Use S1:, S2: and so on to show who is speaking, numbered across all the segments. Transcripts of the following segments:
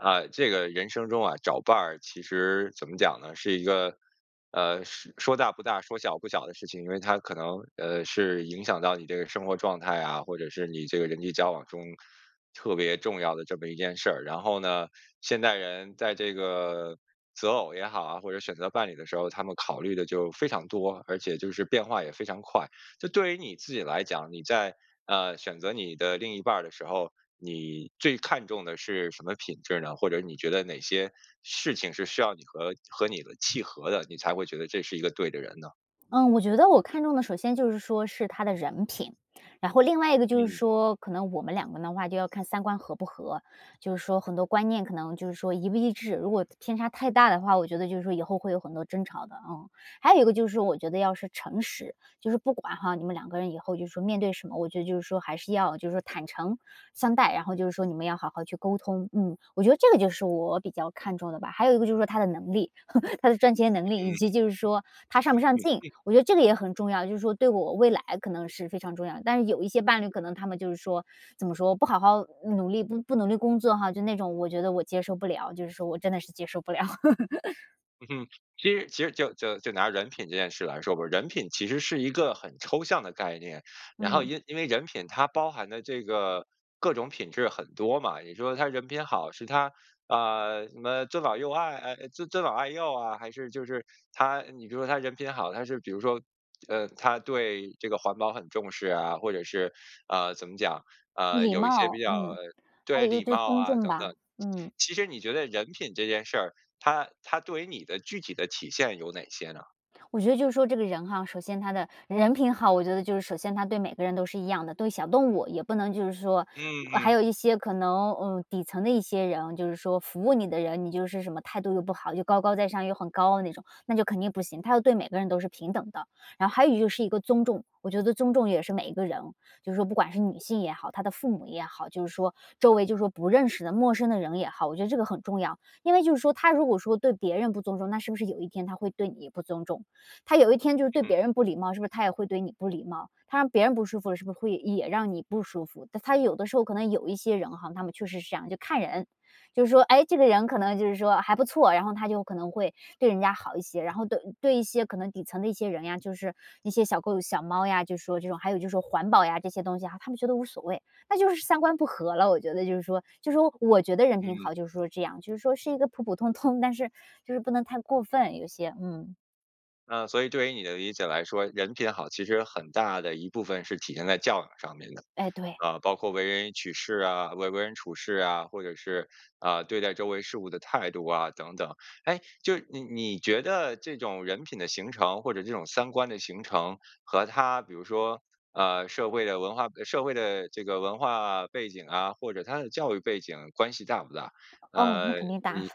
S1: 啊，这个人生中啊，找伴儿，其实怎么讲呢，是一个，呃，说说大不大、说小不小的事情，因为它可能，呃，是影响到你这个生活状态啊，或者是你这个人际交往中，特别重要的这么一件事儿。然后呢，现代人在这个择偶也好啊，或者选择伴侣的时候，他们考虑得就非常多，而且就是变化也非常快。就对于你自己来讲，你在啊，选择你的另一半儿的时候，你最看重的是什么品质呢？或者你觉得哪些事情是需要你和和你的契合的，你才会觉得这是一个对的人呢？
S2: 嗯，我觉得我看中的首先就是说是他的人品，然后另外一个就是
S1: 嗯。
S2: 说，可能我们两个的话就要看三观合不合，就是说很多观念可能，就是说一不一致，如果偏差太大的话，我觉得就是说以后会有很多争吵的，嗯。还有一个就是我觉得要是诚实，就是不管，哈，你们两个人以后，就是说面对什么，我觉得就是说还是要，就是说坦诚相待，然后就是说你们要好好去沟通，嗯。我觉得这个就是我比较看重的吧，还有一个就是说他的能力，他的赚钱能力，以及就是说他上不上进，
S1: 嗯。
S2: 我觉得这个也很重要，就是说对我未来可能是非常重要，但是有一些伴侣可能他们就是说怎么说不好好努力不努力工作哈，就那种我觉得我接受不了，就是说我真的是接受不了。
S1: 嗯哼，其实其实就就就拿人品这件事来说吧，人品其实是一个很抽象的概念。然后
S2: 嗯。
S1: 因因为人品它包含的这个各种品质很多嘛，你说他人品好，是他啊，什么尊老幼爱呃呃，尊尊老爱幼啊，还是就是他你比如说他人品好，他是比如说呃，他对这个环保很重视啊，或者是，呃，怎么讲？呃，
S2: 礼
S1: 有一些比
S2: 貌，
S1: 较
S2: 嗯。还
S1: 对，
S2: 有一个
S1: 礼
S2: 就是
S1: 貌
S2: 尊
S1: 啊
S2: 重
S1: 等
S2: 吧，
S1: 等。
S2: 嗯。
S1: 其实你觉得人品这件事儿，它它对于你的具体的体现有哪些呢？
S2: 我觉得就是说这个人哈，首先他的人品好，我觉得就是首先他对每个人都是一样的，对小动物也不能就是说
S1: 嗯
S2: 还
S1: 嗯。
S2: 有一些可能嗯，底层的一些人，就是说服务你的人，你就是什么态度又不好、又高高在上、又很高傲的那种，那就肯定不行，他要对每个人都是平等的。然后还有就是一个尊重，我觉得尊重也是每一个人，就是说不管是女性也好，他的父母也好，就是说周围，就是说不认识的陌生的人也好，我觉得这个很重要。因为就是说，他如果说对别人不尊重，那是不是有一天他会对你也不尊重，他有一天就是对别
S1: 嗯。
S2: 人不礼貌，是不是他也会对你不礼貌，他让别人不舒服了，是不是会也让你不舒服，他他有的时候可能有一些人哈，他们确实是这样，就看人。就是说，诶，这个人可能就是说还不错，然后他就可能会对人家好一些，然后对对一些可能底层的一些人呀，就是一些小狗小猫呀，就是说这种还有就说环保呀这些东西啊，他们觉得无所谓，那就是三观不和了，我觉得就是说。就是说我觉得人品
S1: 嗯。
S2: 好，就是说这样，就是说是一个普普通通，但是就是不能太过分，有些，嗯。
S1: 啊，所以对于你的理解来说，人品好，其实很大的一部分是体现在教养上面的。
S2: 哎，对。
S1: 啊，包括为人取事啊，为为人处事啊，或者是，啊，对待周围事物的态度啊等等。诶，就是，你你觉得这种人品的形成或者这种三观的形成，和他比如说，呃，社会的文化背社会的这个文化背景啊，或者他的教育背景关系大不大？
S2: 哦，那
S1: 呃，
S2: 肯定大。
S1: 你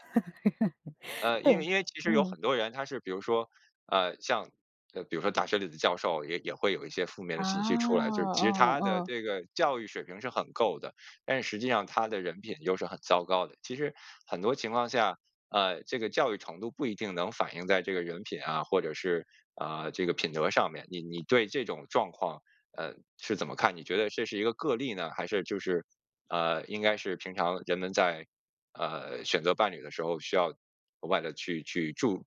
S1: 呃，
S2: 对，
S1: 因为因为其实有
S2: 嗯。
S1: 很多人他是比如说，呃，像，呃，比如说大学里的教授，也也会有一些负面的
S2: 啊，
S1: 信息出来。就其实
S2: 嗯
S1: 他的
S2: 嗯。
S1: 这个教育水平是很够的，但实际上他的人品又是很糟糕的。其实很多情况下，啊，这个教育程度不一定能反映在这个人品啊，或者是，啊，这个品德上面。你你对这种状况，呃，是怎么看？你觉得这是一个个例呢，还是就是，啊，应该是平常人们在，呃，选择伴侣的时候需要额外地去去注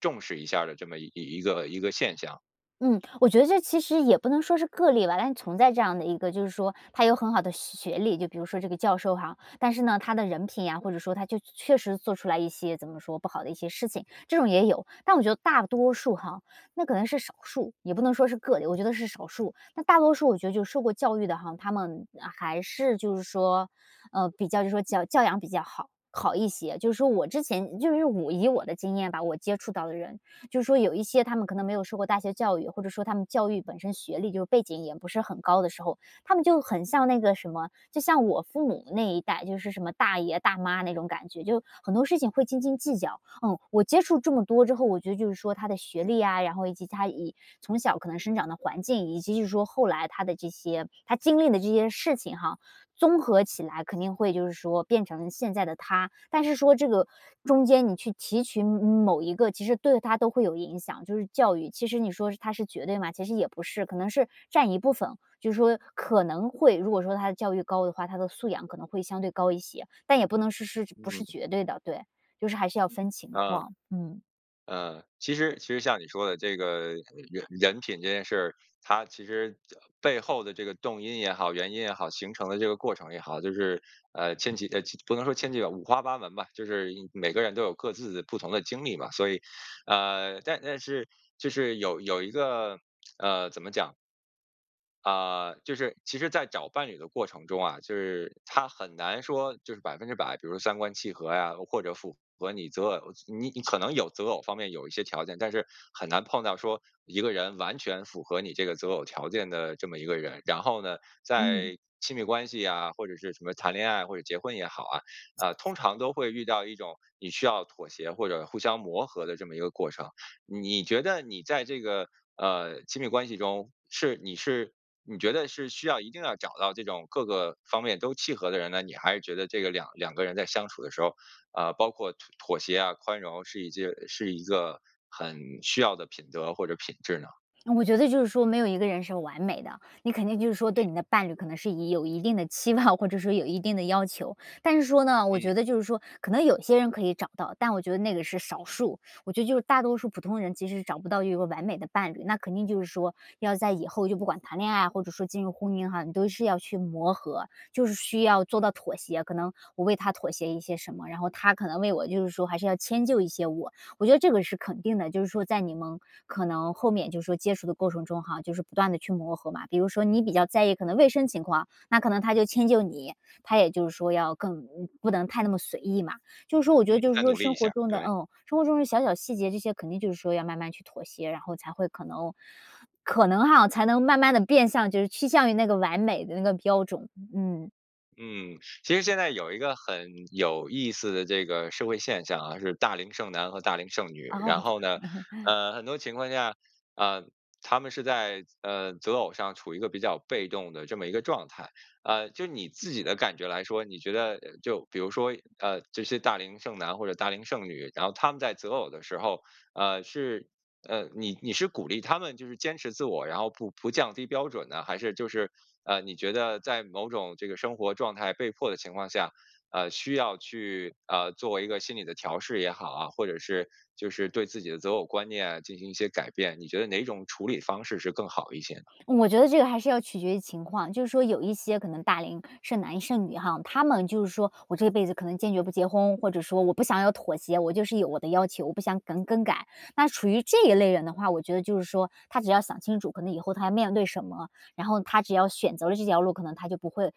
S1: 重视一下儿的这么一一个一个现象？
S2: 嗯，我觉得这其实也不能说是个例吧。但存在这样的一个就是说他有很好的学学历，就比如说，这个教授哈，但是呢他的人品呀，或者说他就确确实做出来一些怎么说，不好的一些事情，这种也有。但我觉得大多数哈那可能是少数，也不能说是个例，我觉得是少数，那大多数我觉得就是受过教育的哈，他们还是就是说，呃，比较就是说教养比较好好一些。就是说我之前就是我以我的经验吧，我接触到的人，就是说有一些他们可能没有受过大学教育，或者说他们教育本身，学历就背景也不是很高的时候，他们就很像那个什么，就像我父母那一代，就是什么大爷大妈那种感觉，就很多事情会斤斤计较，嗯。我接触这么多之后，我觉得就是说他的学历啊，然后以及他以从小可能生长的环境，以及就是说后来他的这些他经历的这些事情哈，综合起来肯定会，就是说变成现在的他。但是说这个中间你去提取某某一个，其实对他都会有影响，就是教育，其实你说它是绝对吗？其实也不是，可能是占一部分，就是说可能会如果说他的教育高的话，他的素养可能会相对高一些。但也不能是是不是
S1: 嗯。
S2: 绝对的，对。就是还是要分情
S1: 啊，
S2: 况。嗯。
S1: 呃，其实其实像你说的这个人人品这件事儿，它其实这背后的这个动因也好，原因也好，形成的这个过程也好，就是，呃，千奇呃，不能说千奇吧，五花八门吧，就是每个人都有各自不同的经历吧。所以，呃，但但是就是有有一个，呃，怎么讲？啊，就是，其实在找伴侣的过程中啊，就是它很难说就是100%，比如三观契合呀，或者符合你择偶你你可能有择偶方面有一些条件，但是很难碰到说，一个人完全符合你这个择偶条件的这么一个人。然后呢，
S2: 嗯。
S1: 在亲密关系呀，或者是什么谈恋爱或者结婚也好啊，呃，通常都会遇到一种你需要妥协、或者互相磨合的这么一个过程。你觉得你在这个，呃，亲密关系中，是你是你觉得是需要一定要找到这种各个方面都契合的人呢？你还是觉得这个两两个人在相处的时候，呃，包括妥妥协啊、宽容是一件是一个很需要的品德或者品质呢？
S2: 我觉得就是说没有一个人是完美的。你肯定就是说对
S1: 嗯。
S2: 你的伴侣可能是也有一定的期望或者说有一定的要求，但是说呢，我
S1: 嗯。
S2: 觉得就是说，可能有些人可以找到，但我觉得那个是少数。我觉得就是大多数普通人其实是找不到有一个完美的伴侣。那肯定就是说，要在以后就不管谈恋爱啊、或者说进入婚姻哈，你都是要去磨合。就是需要做到妥协，可能我为他妥协一些什么，然后他可能为我就是说还是要迁就一些我。我觉得这个是肯定的，就是说在你们可能后面就是说接触的过程中哈，就是不断地去磨合嘛。比如说你比较在意可能卫生情况，那可能她就迁就你，她也就是说要更嗯，不能太那么随意嘛。就是说我觉
S1: 嗯，
S2: 得就是
S1: 再
S2: 说
S1: 努力一
S2: 生
S1: 下
S2: 活
S1: 儿，
S2: 中的
S1: 对。
S2: 嗯，生活中的小小细节，这些肯定就是说要慢慢去妥协，然后才会可能可能哈，才能慢慢地变向就是趋向于那个完美的那个标准。嗯。
S1: 嗯，其实现在有一个很有意思的这个社会现象啊，是大龄剩男和大龄剩女。
S2: 哦。
S1: 然后呢，呃，很多情况下，呃，他们是在，呃，择偶上处于一个比较被动的这么一个状态。啊，就你自己的感觉来说，你觉得呃，就比如说，呃，这些大龄剩男或者大龄剩女，然后他们在择偶的时候，呃，是呃，你你是鼓励他们，就是坚持自我，然后不不降低标准呢？还是就是，呃，你觉得在某种这个生活状态被迫的情况下，呃，需要去，呃，做一个心理的调试也好啊，或者是就是对自己的择偶观念进行一些改变。你觉得哪种处理方式是更好一些呢？
S2: 我觉得这个还是要取决于情况。就是说有一些可能大龄剩男剩女哈，他们就是说：“我这辈子可能坚决不结婚”，或者说“我不想要妥协，我就是有我的要求，我不想更-更改。”那处于这一类人的话，我觉得就是说他只要想清楚，可能以后他要面对什么，然后他只要选择了这条路，可能他就不会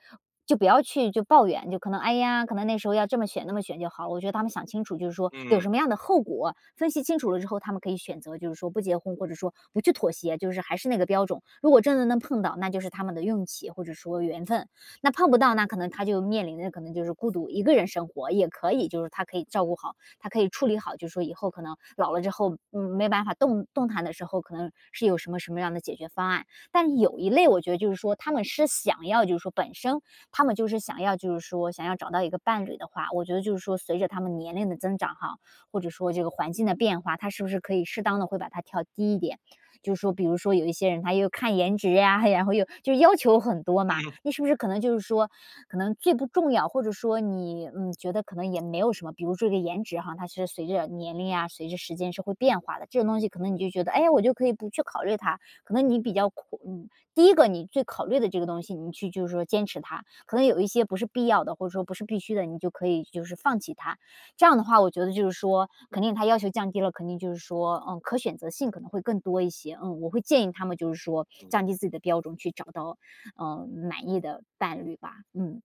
S2: 就不要去就抱怨。就可能：“哎呀，可能那时候要这么选、那么选就好了。“我觉得他们想清楚就是说有什
S1: 嗯。
S2: 么样的后果，分析清楚了之后，他们可以选择就是说不结婚，或者说不去妥协，就是还是那个标准。如果真的能碰到，那就是他们的运气，或者说缘分。那碰不到，那可能他就面临着，可能就是孤独，一个人生活也可以。就是他可以照顾好，他可以处理好，就是说以后可能老了之后嗯，没办法动动弹的时候，可能是有什么什么样的解决方案。但有一类我觉得就是说他们是想要就是说，本身他们就是想要就是说想要找到一个伴侣的话，我觉得就是说，随着他们年龄的增长哈，或者说这个环境的变化，他是不是可以适当地会把它调低一点。就是说比如说有一些人他又看颜值呀，然后又就要求很多嘛。
S1: 嗯。
S2: 那是不是可能就是说可能最不重要，或者说你，嗯，觉得可能也没有什么，比如说这颜值哈，它是随着年龄啊，随着时间是会变化的，这种东西可能你就觉得：“哎呀，我就可以不去考虑它。”可能你比较苦嗯，第一个你最考虑的这个东西，你去就是说坚持它。可能有一些不是必要的，或者说不是必须的，你就可以就是放弃它。这样的话，我觉得就是说肯定他要求降低了肯定就是说，嗯，可选择性可能会更多一些。嗯，我会建议他们就是说降
S1: 嗯。
S2: 低自己的标准，去找到，呃，满意的伴侣吧。嗯。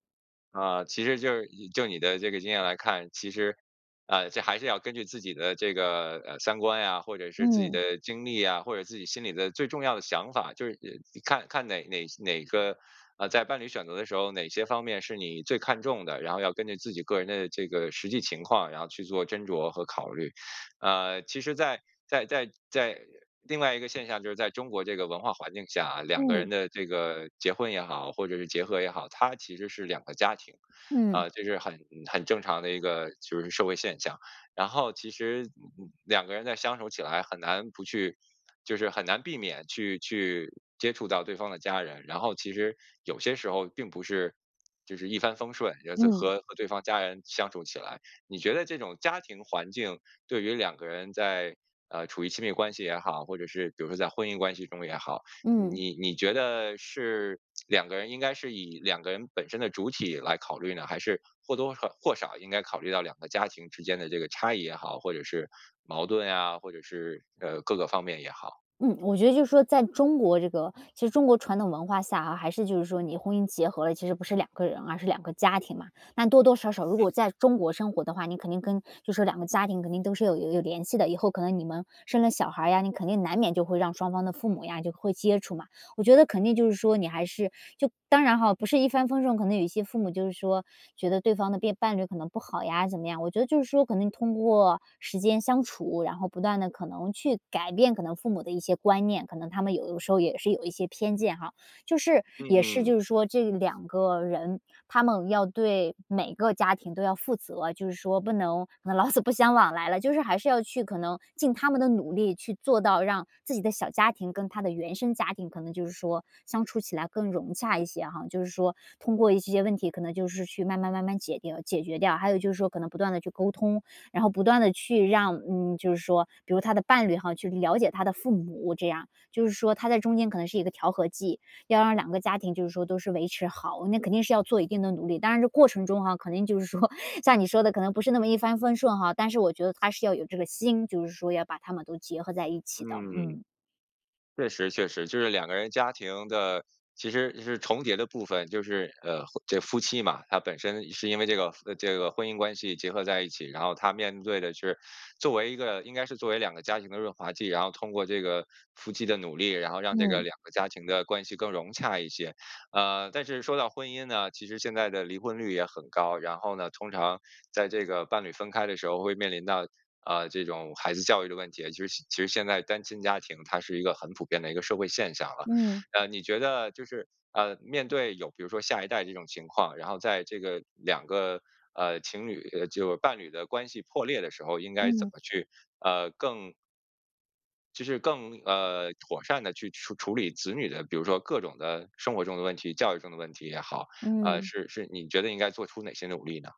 S1: 呃，其实就是以就你的这个经验来看，其实，啊，这还是要根据自己的这个，啊，三观呀，或者是自己
S2: 嗯。
S1: 的经历呀，或者自己心里的最重要的想法，就是喏看看哪哪些哪个，呃，在伴侣选择的时候，哪些方面是你最看重的，然后要根据自己个人的这个实际情况，然后去做斟酌和考虑。呃，其实在在在在另外一个现象，就是在中国这个文化环境下啊，两个
S2: 嗯。
S1: 人的这个结婚也好，或者是结合也好，它其实是两个家庭，
S2: 嗯。
S1: 啊，这是很嗯，很正常的一个，就是社会现象。然后其实，嗯，两个人在相守起来很难不去就是很难避免去去接触到对方的家人。然后其实有些时候并不是就是一帆风顺，然后再
S2: 嗯。
S1: 和和对方家人相处起来。你觉得这种家庭环境，对于两个人在呃，处于亲密关系也好，或者是比如说在婚姻关系中也好，
S2: 嗯。
S1: 你你觉得是两个人应该是以两个人本身的主体来考虑呢，还是或多贺或少应该考虑到两个家庭之间的这个差异也好，或者是矛盾呀，或者是，呃，各个方面也好？
S2: 嗯，我觉得就是说在中国这个其实中国传统文化下啊，还是就是说你婚姻结合了，其实不是两个人，而是两个家庭嘛。那多多少少如
S1: 嗯。
S2: 果在中国生活的话，你肯定跟就是说两个家庭肯定都是有有有联系的，以后可能你们生了小孩儿呀，你肯定难免就会让双方的父母呀就会接触嘛。我觉得肯定就是说你还是就当然哈，不是一帆风顺，可能有一些父母就是说，觉得对方的变伴侣可能不好呀怎么样。我觉得就是说可能通过时间相处，然后不断地可能去改变可能父母的一些观念，可能他们有的时候也是有一些偏见哈。就是
S1: 嗯
S2: 也是
S1: 嗯。
S2: 就是说这两个人，他们要对每个家庭都要负责，就是说不能老死不相往来了。就是还是要去可能尽他们的努力，去做到让自己的小家庭跟他的原生家庭可能就是说，相处起来更融洽一些哈。就是说通过一些问题可能就是去慢慢慢慢解掉解决掉。还有就是说可能不断地去沟通，然后不断地去让，嗯，就是说比如说他的伴侣哈去了解他的父母，这样。就是说他在中间可能是一个调和剂，要让两个家庭就是说都是维持好，那肯定是要做一定的努力。当然这过程中哈肯定就是说，像你说的可能不是那么一帆风顺哈，但是我觉得他是要有这个心，就是说要把他们都结合在一起的，
S1: 嗯，
S2: 嗯。
S1: 确实确实。就是两个人家庭的其实是重叠的部分，就是呃，婚这夫妻嘛，他本身是因为这个夫这个婚姻关系结合在一起。然后他面对的是作为一个应该是作为两个家庭的润滑剂，然后通过这个夫妻的努力，然后让这个
S2: 嗯。
S1: 两个家庭的关系更融洽一些。呃，但是说到婚姻呢，其实现在的离婚率也很高，然后呢，通常在这个伴侣分开的时候会面临到，呃，这种孩子教育的问题，其实其实现在单亲家庭它是一个很普遍的一个社会现象了。
S2: 嗯。
S1: 呃，你觉得就是，呃，面对有比如说下一代这种情况，然后在这个两个，呃，情侣就伴侣的关系破裂的时候，应该怎
S2: 嗯。
S1: 么去，呃，更其实更呃，妥善地去处处理子女的比如说各种的生活中的问题，教育中的问题也好，呃，
S2: 嗯。
S1: 是是你觉得应该做出哪些努力呢？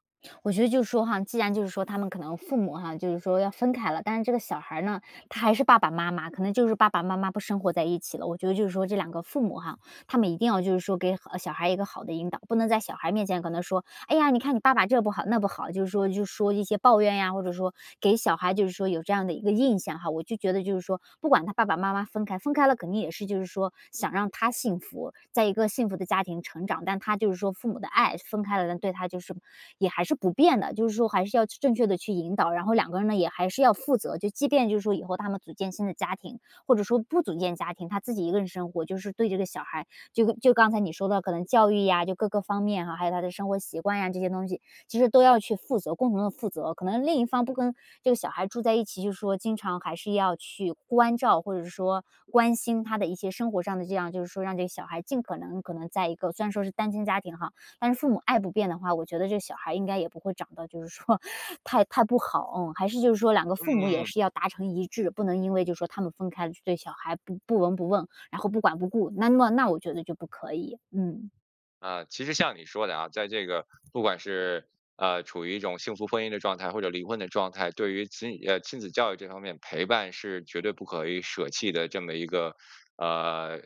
S2: 我觉得就是说哈既然就是说他们可能父母哈，就是说要分开了，但是这个小孩儿呢，他还是爸爸妈妈可能就是爸爸妈妈不生活在一起了。我觉得就是说，这两个父母哈，他们一定要就是说给好小孩一个好的引导，不能在小孩面前跟他说，“哎呀，你看你爸爸这不好那不好”，就是说就说一些抱怨呀，或者说给小孩就是说有这样的一个印象哈。我就觉得就是说不管他爸爸妈妈分开分开了，肯定也是就是说想让他幸福在一个幸福的家庭成长，但他就是说父母的爱分开了，对他就是也还是不变的。就是说还是要去正确地去引导，然后两个人呢也还是要负责，就即便就是说以后他们组建新的家庭，或者说不组建家庭，他自己一个人生活，就是对这个小孩，就就刚才你说的可能教育呀就各个方面，还有他的生活习惯呀这些东西，其实都要去负责、共同地负责，可能另一方不跟这个小孩住在一起，就是说经常还是要去关照，或者是说关心他的一些生活上的这样就是说让这个小孩尽可能可能在一个虽然说是单亲家庭哈，但是父母爱不变的话，我觉得这小孩应该也不会长得就是说 太太不好。嗯，还是就是说两个父母也
S1: 嗯。
S2: 是要达成一致，不能因为就是说他们分开就对小孩不不闻不问，然后不管不顾，那那那我觉得就不可以。嗯。
S1: 啊，其实像你说的啊，在这个不管是，呃，处于一种幸福婚姻的状态或者离婚的状态，对于子女呃，亲子教育这方面，陪伴是绝对不可以舍弃的这么一个，呃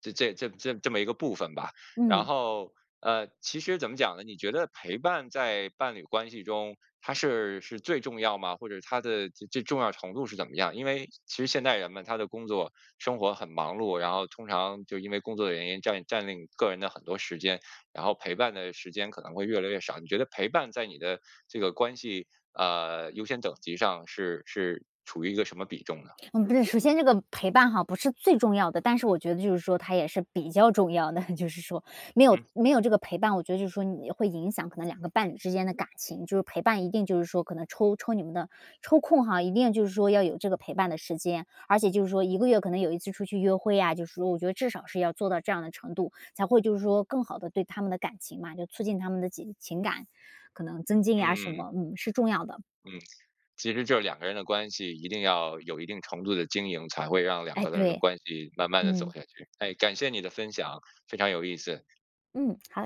S1: 这这这这么一个部分吧。然
S2: 嗯。
S1: 后呃，其实怎么讲呢？你觉得陪伴在伴侣关系中它是是最重要吗？或者它的这-这重要程度是怎么样？因为其实现代人嘛，他的工作生活很忙碌，然后通常就因为工作的原因，占领占领个人的很多时间，然后陪伴的时间可能会越来越少。你觉得陪伴在你的这个关系啊，优先等级上是是处于一个什么比重呢？
S2: 嗯不是，首先这个陪伴哈不是最重要的，但是我觉得就是说它也是比较重要的，就是说。没有
S1: 嗯。
S2: 没有这个陪伴，我觉得就是说你会影响可能两个伴侣之间的感情。就是陪伴一定就是说，可能抽抽你们的抽空哈，一定就是说要有这个陪伴的时间。而且就是说1个月可能有1次出去约会呀，就是说我觉得至少是要做到这样的程度，才会就是说更好地对他们的感情嘛，就促进他们的情情感，可能增进呀什
S1: 嗯嗯。
S2: 么嗯，是重要的。
S1: 嗯，其实就两个人的关系一定要，有一定程度的经营，才会让两
S2: 哎，
S1: 个人的
S2: 对。
S1: 关系慢慢地走
S2: 嗯。
S1: 下去。哎，感谢你的分享，非常有意思。
S2: 嗯，好。